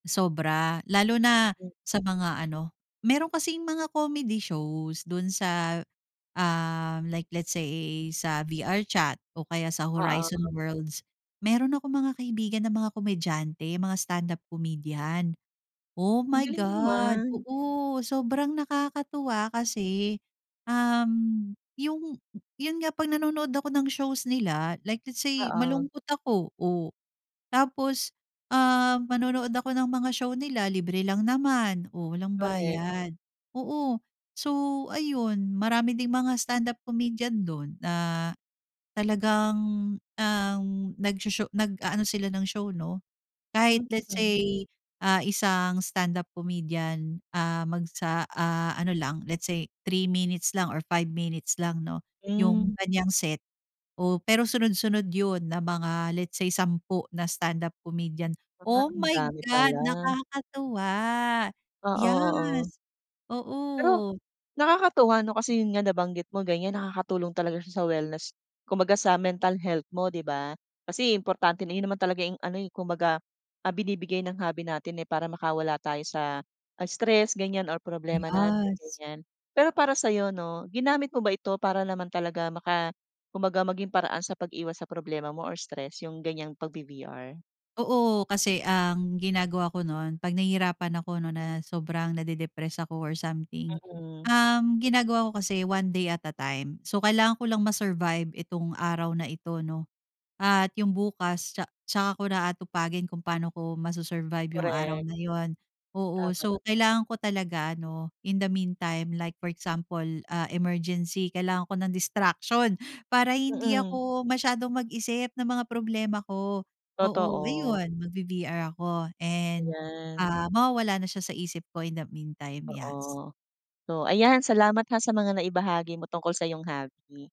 Sobra. Lalo na Hmm. sa mga ano, meron kasing mga comedy shows dun sa, ah, like let's say sa VR chat o kaya sa Oo. Horizon Worlds. Meron akong mga kaibigan na mga komedyante, mga stand-up comedian. Oh Ang my galing God. naman. Oo, sobrang nakakatuwa kasi, um, yung yun nga pag nanonood ako ng shows nila like let's say Oo. malungkot ako. Oh, tapos, ah, manonood ako ng mga show nila libre lang naman, oh, walang Korek. bayad, oo. So ayun marami ding mga stand-up comedian dun na, talagang, um, nags-sho nag-aano sila ng show no. Kahit let's Mm. say, ah, isang stand up comedian, ah, mag sa ah, ano lang let's say 3 minutes lang or 5 minutes lang no, yung Hmm. kanyang set, oh, pero sunod-sunod yun na mga let's say 10 na standup comedian. Ah, Oh ang my dami God, pala. nakakatuwa, Oo, oo. yes Pero oo. nakakatuwa no. Kasi yun nga nabanggit mo ganyan. nakakatulong talaga siya sa wellness kumbaga sa mental health mo di ba? Kasi importante na yun naman talaga yung ano, eh, kumbaga, ah, binibigay ng hobby natin, eh. Para makawala tayo sa, ah, stress ganyan or problema natin Yes. ganyan. Pero para sa 'yo no ginamit mo ba ito para naman talaga maka kumbaga maging paraan sa pag-iwas sa problema mo or stress yung ganyang pagbi-VR? Oo, kasi ang ginagawa ko nun. Pag nahihirapan ako no na sobrang nade-depress ako or something, Mm. um, ginagawa ko kasi one day at a time. So kailangan ko lang ma-survive itong araw na ito no at yung bukas tsa tsaka ko na aatupagin kung paano ko masu-survive yung araw Korek. na yun. Oo. Tama. So kailangan ko talaga ano, in the meantime like for example, ah, emergency kailangan ko ng distraction para hindi Mm. ako masyadong mag-isip ng mga problema ko. Oo, Totoo. ayun magbi-VR ako and, Ayan. ah, mawawala na siya sa isip ko in the meantime. Yes. Oo. So ayan salamat ha sa mga naibahagi mo tungkol sa 'yong hobby.